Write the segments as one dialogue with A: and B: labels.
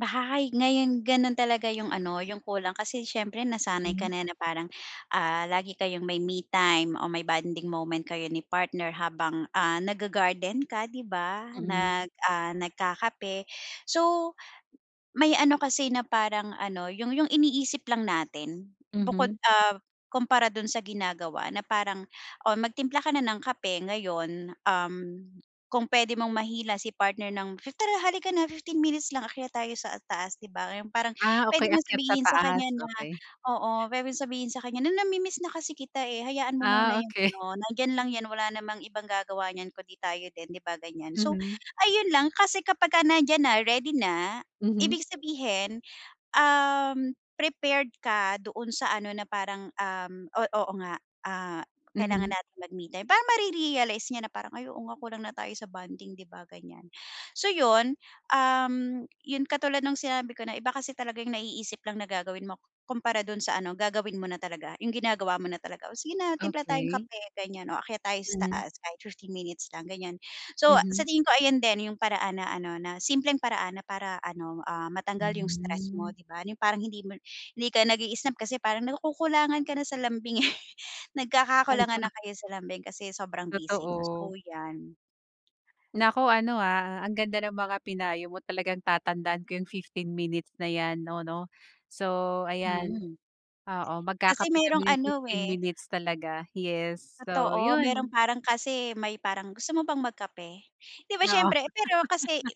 A: Baha hay, ngayon gano'n talaga 'yong ano, 'yong kulang kasi siyempre nasanay ka
B: Hmm.
A: na na parang, ah, lagi kayong may me time o may bonding moment kayo ni partner habang, ah, nag-ga-garden ka, 'di ba?
B: Mm.
A: Nag, ah, nagkakape. So, may ano kasi na parang ano, 'yong 'yong iniisip lang natin, bukod,
B: Mhm.
A: ah, kumpara do'n sa ginagawa na parang, oh, magtimpla ka na ng kape ngayon, um, kung puwede mong mahila si partner ng tara halika na 15 minutes lang, akyat tayo sa taas. 'Di ba yung parang
B: Ah,
A: puwede
B: okey,
A: mong
B: akyat sa
A: sabihin sa
B: taas,
A: kanya na
B: okey.
A: oo, puwedeng sabihin sa kanya na, "Namimiss na kasi kita, eh, hayaan mo muna
B: Ah,
A: yung
B: okey.
A: ano, nandiyan lang 'yan, wala namang ibang gagawa niyan kung 'di tayo din." 'Di ba? Ganyan. So,
B: Mhm.
A: ayun lang kasi kapagka nandiyan na, ready na,
B: Mhm.
A: ibig sabihin, um, prepared ka doon sa ano na parang, um, oh, oo nga, ah, kailangan
B: Mhm.
A: natin mag-me time. Parang mare-realize niya na parang, "Ay, oo nga, kulang na tayo sa bonding." 'Di ba? Ganyan. So yun, um, yun katulad no'ng sinabi ko na iba kasi talaga yung naiisip lang na gagawin mo kumpara do'n sa ano, gagawin mo na talaga. Yung ginagawa mo na talaga, "Oh, sige na timpla tayong
B: Okey.
A: kape," ganyan, "Oh, akyat tayo sa
B: Mhm.
A: taas kahit 15 minutes lang." Ganyan. So sa
B: Mhm.
A: tingin ko, ayan din yung paraan na ano, na simpleng paraan na para ano, ah, matanggal yung stress
B: Hmm.
A: mo, 'di ba? Yung parang hindi mo hindi ka nag-iisip kasi parang nakukulangan ka na sa lambing, eh.
B: Al
A: Nagkakakulangan
B: sa
A: na kayo sa lambing kasi sobrang busy niyo, so
B: Totoo.
A: 'yan.
B: Naku ano, ah, ang ganda ng mga pinayo mo, talagang tatandaan ko yung 15 minutes na 'yan 'no 'no. So ayan,
A: Mm.
B: oo,
A: Kasi
B: magkakape
A: merong
B: kami yung
A: ano,
B: 15
A: eh
B: minutes talaga. Yes. So,
A: Totoo, meron
B: yun.
A: parang kasi may parang, gusto mo bang mag-kape? 'Di ba
B: Oo.
A: siyempre. Pero kasi,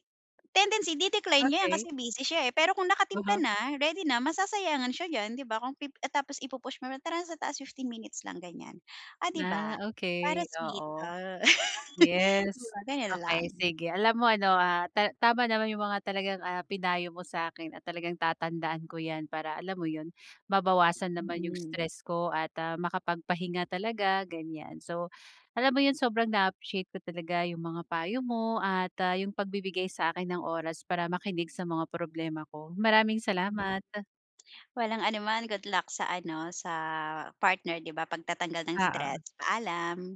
A: tendency di-decline niya 'yan kasi
B: Okey.
A: busy siya, eh, pero kung nakatimpla
B: Uh-huh.
A: na, ready na, masasayangan siya diyan, 'di ba? Kung pi ah, tapos i-pu-push mo, tara sa taas 15 minutes lang ganyan, ah, 'di ba?
B: Ah,
A: Para
B: okey,
A: sweet,
B: oo.
A: ah. 'Di
B: Yes.
A: ba, gano'n lang.
B: Okey sige. Alam mo ano, ah, ta tama naman yung mga talagang, ah, pinayo mo sa'kin at talagang tatandaan ko 'yan para alam mo yun, mabawasan naman yung
A: Mm.
B: stress ko at ah, makapagpahinga talaga, ganyan. So alam mo yun sobrang na-appreciate ko talaga yung mga payo mo at ah, yung pagbibigay sa'kin ng oras para makinig sa mga problema ko. Maraming
A: Hmm.
B: salamat.
A: Walang anuman, good luck sa ano, sa partner, 'di ba, pagtatanggal ng stress,
B: Oo.
A: paalam.